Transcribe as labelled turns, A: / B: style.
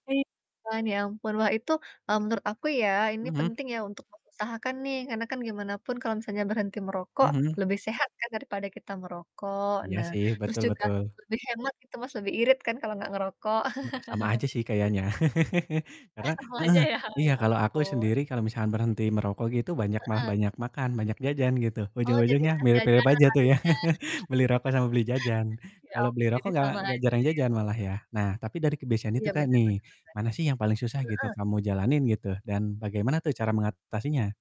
A: Iya kan, ya ampun. Wah, itu, e menurut aku ya, ini
B: Mhm.
A: penting ya untuk mengusahakan nih, karena kan gimana pun kalau misalnya berhenti merokok
B: Mhm.
A: lebih sehat kan, daripada kita merokok.
B: Iya
A: Nah,
B: sih,
A: terus
B: betul
A: juga
B: betul.
A: lebih hemat gitu Mas, lebih irit kan, kalau enggak ngerokok.
B: Itu mah sama aja sih kayaknya.
A: Eh,
B: Karena
A: sama aja
B: heeh,
A: ya? Oh,
B: iya,
A: ya
B: kalau aku
A: ampun.
B: sendiri kalau misalkan berhenti merokok gitu, banyak malah
A: Heeh.
B: banyak makan, banyak jajan gitu,
A: Oh, jadi
B: ujung-ujungnya
A: banyak
B: mirip-mirip
A: jajan, ya
B: aja tuh ya,
A: larinya?
B: beli rokok sama beli jajan.
A: Ya
B: Kalau beli
A: ampun, jadi
B: rokok enggak
A: sama aja
B: enggak
A: ya,
B: jarang jajan malah
A: gitu?
B: ya. Nah, tapi dari kebiasaan itu
A: Iya,
B: Kak,
A: benar benar
B: nih,
A: benar.
B: mana sih yang paling susah gitu,
A: Heeh.
B: kamu jalanin gitu, dan bagaimana tuh cara mengatasinya?